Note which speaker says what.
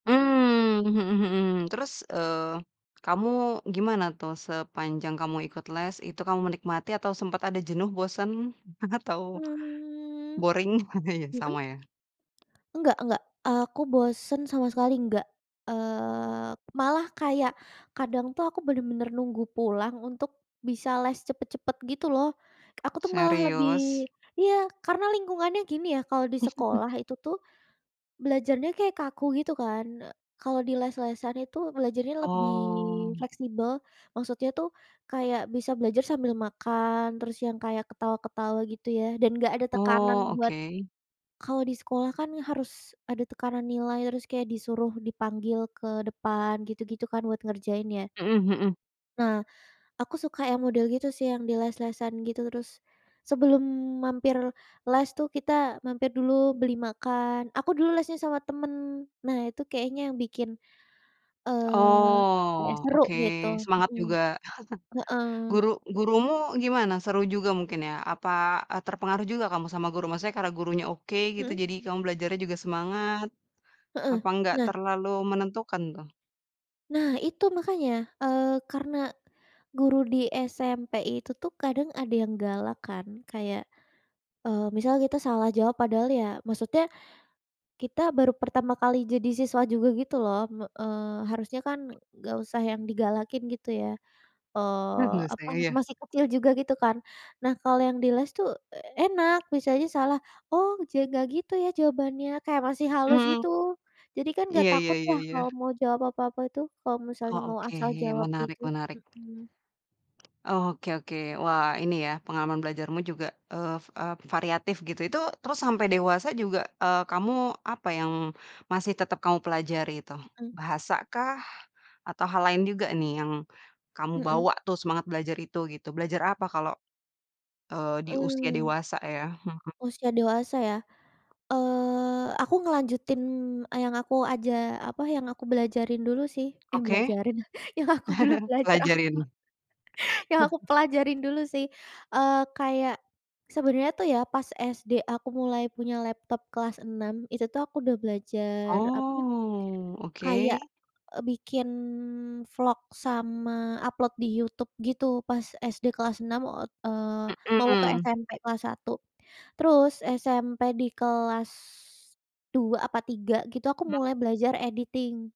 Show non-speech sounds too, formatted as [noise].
Speaker 1: Mmm, mhm mhm. Terus, eee, kamu gimana tuh, sepanjang kamu ikut les, itu kamu menikmati atau sempet ada jenuh, bosen? Atau,
Speaker 2: Mmm.
Speaker 1: boring? [chuckles]
Speaker 2: Mhm.
Speaker 1: sama ya?
Speaker 2: Enggak enggak. Aku bosen sama sekali enggak. Eee, malah kayak kadang tuh aku bener-bener nunggu pulang untuk bisa les cepet-cepet, gitu loh. Aku tuh malah
Speaker 1: Serius?
Speaker 2: lebih iya, karena lingkungannya gini ya, kalau di
Speaker 1: [chuckles]
Speaker 2: sekolah itu tuh, belajarnya kayak kaku gitu kan, e kalau di les-lesan itu belajarnya lebih
Speaker 1: Oh.
Speaker 2: fleksibel. Maksudnya tuh, kayak bisa belajar sambil makan, terus yang kayak ketawa-ketawa gitu ya, dan enggak ada tekanan
Speaker 1: Oh,
Speaker 2: buat
Speaker 1: oke.
Speaker 2: kalau di sekolah kan harus ada tekanan nilai, terus kayak disuruh dipanggil ke depan, gitu-gitu kan, buat ngerjain ya.
Speaker 1: Mhm mhm.
Speaker 2: Nah, aku suka yang model gitu sih yang di les-lesan, gitu. Terus sebelum mampir les tuh, kita mampir dulu beli makan, aku dulu lesnya sama temen. Nah, itu kayaknya yang bikin, eee, kayak
Speaker 1: Oh,
Speaker 2: seru,
Speaker 1: oke.
Speaker 2: gitu.
Speaker 1: Semangat
Speaker 2: Mhm.
Speaker 1: juga.
Speaker 2: Heeh.
Speaker 1: [chuckles] Guru gurumu gimana? Seru juga mungkin ya? Apa, eee, terpengaruh juga kamu sama guru? Maksudnya karena gurunya oke gitu,
Speaker 2: Mhm.
Speaker 1: jadi kamu belajarnya juga semangat?
Speaker 2: Heeh,
Speaker 1: Apa enggak
Speaker 2: nah
Speaker 1: terlalu menentukan tuh?
Speaker 2: nah, itu makanya. Eee, karena guru di SMP itu tuh kadang ada yang galak kan, kayak, eee, misal kita salah jawab padahal ya maksudnya, kita baru pertama kali jadi siswa juga gitu loh, me eee, harusnya kan enggak usah yang digalakin, gitu ya.
Speaker 1: [chuckles]
Speaker 2: Eee,
Speaker 1: enggak usah,
Speaker 2: apa
Speaker 1: ya
Speaker 2: nama
Speaker 1: ya?
Speaker 2: masih kecil juga gitu kan. Nah, kalau yang di les tuh e enak, misalnya salah, "Oh, ja enggak gitu ya jawabannya," kayak masih halus,
Speaker 1: Hmm.
Speaker 2: gitu. Jadi kan enggak
Speaker 1: Iya iya
Speaker 2: takut
Speaker 1: iya
Speaker 2: lah kalau
Speaker 1: iya.
Speaker 2: mau jawab apa-apa itu, kalau misalnya
Speaker 1: Oh
Speaker 2: mau
Speaker 1: oke.
Speaker 2: asal
Speaker 1: Iya, ya,
Speaker 2: jawab
Speaker 1: menarik
Speaker 2: itu.
Speaker 1: menarik.
Speaker 2: Mhm.
Speaker 1: Oh, oke oke. Wah, ini ya, pengalaman belajarmu juga, eee eee, variatif, gitu. Itu terus sampai dewasa juga, eee, kamu apa yang masih tetep kamu pelajari itu?
Speaker 2: Mhm.
Speaker 1: Bahasa kah? Atau hal lain juga nih yang kamu
Speaker 2: Mhm.
Speaker 1: bawa tuh semangat belajar itu gitu? Belajar apa kalau, eee, di usia
Speaker 2: Mmm.
Speaker 1: dewasa ya? Hmm.
Speaker 2: Usia dewasa ya? Eee, aku ngelanjutin yang aku aja apa, yang aku belajarin dulu sih. Eh
Speaker 1: Oke.
Speaker 2: belajarin, yang aku dulu
Speaker 1: [chuckles]
Speaker 2: belajar apa,
Speaker 1: Pelajarin.
Speaker 2: [chuckles] yang aku
Speaker 1: [chuckles]
Speaker 2: pelajarin dulu sih. Eee, kayak, sebenarnya tuh ya pas SD aku mulai punya laptop kelas enam, itu tuh aku udah belajar apa,
Speaker 1: Oh,
Speaker 2: kayak,
Speaker 1: oke.
Speaker 2: eee, bikin vlog sama upload di YouTube gitu, pas SD kelas enam ot eee, mau ke
Speaker 1: Mhm.
Speaker 2: SMP kelas satu. Terus, SMP di kelas, dua apa tiga gitu, aku
Speaker 1: Hmm.
Speaker 2: mulai belajar editing.